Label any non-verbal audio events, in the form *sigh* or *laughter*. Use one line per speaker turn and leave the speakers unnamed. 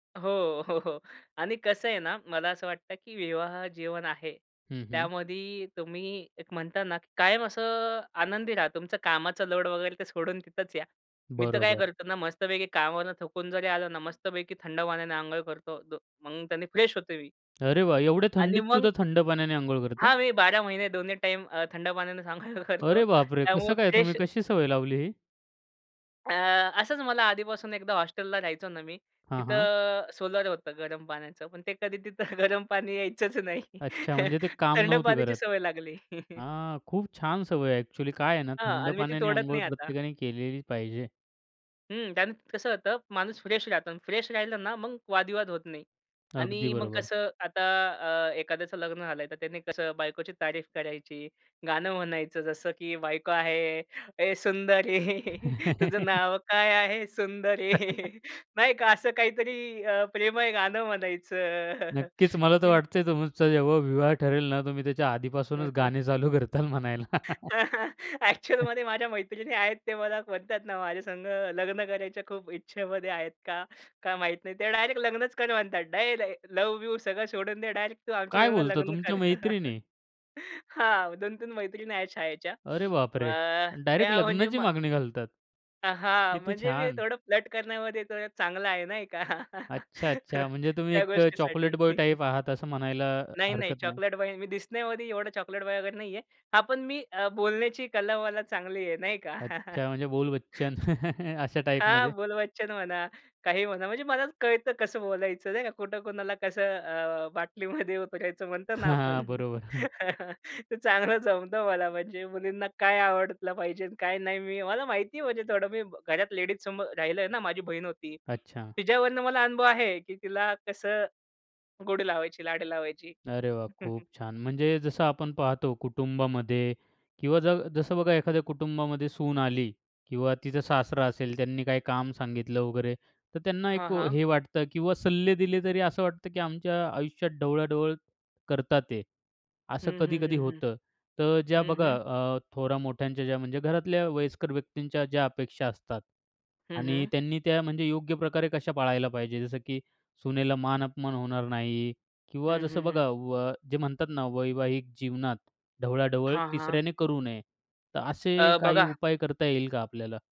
हो, हो, हो आणि कसं आहे ना, मला असं वाटतं की विवाह जीवन आहे.
हं, हं.
त्यामध्ये तुम्ही एक म्हणता ना, की कायम असं आनंदी राहा. तुमचा कामाचा लोड वगैरे ते सोडून तिथंच या. मी तर काय
बरोबर.
करतो ना मस्तपैकी कामावरून थकून जरी आलं ना मस्तपैकी थंड पाण्याने अंघोळ करतो. मग त्यानी फ्रेश होतो मी.
अरे वाह. एवढ्या
आणि
थंडीत
मग
सुद्धा थंड पाण्याने अंघोळ करता?
हां मी 12 महिने दोन्ही टाईम अ, थंड पाण्यानेच आंघोळ करतो.
अरे बापरे!
त्यामुळे
कसं काय, तुम्ही
फ्रेश
कशी सवय लावली ही?
अ, असंच मला आधीपासून एकदा हॉस्टेलला राहायचो ना मी.
हां, हां.
तिथं सोलर होतं गरम पाण्याचं. पण ते कधी तिथं गरम पाणी यायचंच नाही.
अच्छा,
*chuckles*
म्हणजे ते काम
थंड
नव्हतं
पाण्याची
करत.
सवय लागली. *chuckles*
हां, खूप छान सवय आहे. ॲक्चुअली काय आहे ना,
हां.
थंड
आणि मी ती
पाण्याने
तोडत
अंघोळ
नाही आता.
प्रत्येकाने केलेली पाहिजे.
हं. त्याने त कसं होतं माणूस फ्रेश राहतो आणि फ्रेश राहिलं ना, मग वादविवाद होत नाही.
अगदी
आणि मग
बरोबर.
कसं आता अ, एखाद्याचं लग्न झालंय, तर त्याने कसं बायकोची तारीफ करायची, गाणं म्हणायचं जसं की बायको आहे ए सुंदरी *chuckles* तुझं
*chuckles*
नावं काय आहे सुंदरी *chuckles* नाही
*chuckles*
का, असं काहीतरी अ प्रेमळ गाणं म्हणायचं. *chuckles*
नक्कीच, मला तर
की
वाटतंय तुमचं जेव्हा विवाह ठरेल ना, तुम्ही त्याच्या आधीपासूनच
*chuckles*
गाणे चालू करताल म्हणायला.
*chuckles*
*chuckles*
ॲक्चुअलमध्ये माझ्या मैत्रिणी आहेत. ते मला म्हणतात ना माझ्यासंगं लग्न करायच्या खूप इच्छेमध्ये आहेत. का? काय माहीत नाही. त्या डायरेक्ट लग्नच कर म्हणतात. डायरेक्ट लव्ह-बिव्ह सगळं सोडून दे. डायरेक्ट तू
काय
आमच्यासंगं
बोलता?
लग्न
तुमच्या
कर. *chuckles*
मैत्रिणी?
हां, 2-3 मैत्रिणी आहेत शाळेच्या.
अरे बापरे!
अ,
अन् डायरेक्ट
त्या म्हणजे
लग्नाची
मा
मागणी घालतात.
अ, हां
किती
म्हणजे मी
छान!
थोडं फ्लर्ट करण्यामध्ये थोडा चांगला आहे. नाही का?
अच्छा, अच्छा. म्हणजे
*chuckles*
तुम्ही
त्या
एक अ,
गोष्टीसाठी.
चॉकलेट बॉय
*chuckles*
टाइप आहात, असं म्हणायला
नाही, नाही,
हरकत नाही.
चॉकलेट बॉय, मी दिसण्यामध्ये एवढा चॉकलेट बॉय वगैरे नाहीये. हां, पण मी अ, बोलण्याची कला मला चांगली आहे. नाही का?
अच्छा, म्हणजे
*chuckles*
बोलबच्चन. *chuckles* अशा
हां,
टाइपमध्ये.
बोलबच्चन म्हणा, काहीही म्हणा. म्हणजे मलाच कळतं कसं बोलायचं नाही का, कुठं कुणाला कसं अ, बाटलीमध्ये उतरायचं म्हणतो ना
हां,
आपण.
बरोबर.
*laughs* ते चांगलं जमत मला. म्हणजे मुलींना काय आवडलं पाहिजे अन काय नाही. मी मला माहिती आहे म्हणजे थोडं. मी घरात लेडीजसमोर राहिलोय ना. माझी बहीण होती.
अच्छा.
तिच्यावरनं मला अनुभव आहे, की तिला कसं, गोडी लावायची, लाडी लावायची.
अरे वाह!
*chuckles*
खूप छान. म्हणजे जसं आपण पाहतो कुटुंबामध्ये किंवा ज जसं बघा एखाद्या कुटुंबामध्ये सून आली किंवा तिचा सासरा असेल, त्यांनी काही काम सांगितलं वगैरे. तर त्यांना
हां,
एक
हां.
हे वाटतं किंवा सल्ले दिले तरी असं वाटतं, की आमच्या आयुष्यात ढवळाढवळ करत आहेत.
हं,
असं
हं,
कधी-कधी
हं, हं.
होतं. तर ज्या
हं,
बघा
हं.
अ, थोरामोठ्यांच्या ज्या म्हणजे घरातल्या वयस्कर व्यक्तींच्या ज्या अपेक्षा असतात
हं,
आणि
हं.
त्यांनी त्या म्हणजे योग्य प्रकारे कशा पाळायला पाहिजे, जसं की सूनेला मान-अपमान होणार नाही किंवा
हं, हं,
जसं
हं.
बघा व जे म्हणतात ना, वैवाहिक जीवनात ढवळाढवळ
हां, हां.
तिसऱ्याने करू नये. तर असे
अ,
काही
बघा
उपाय करता येईल का आपल्याला?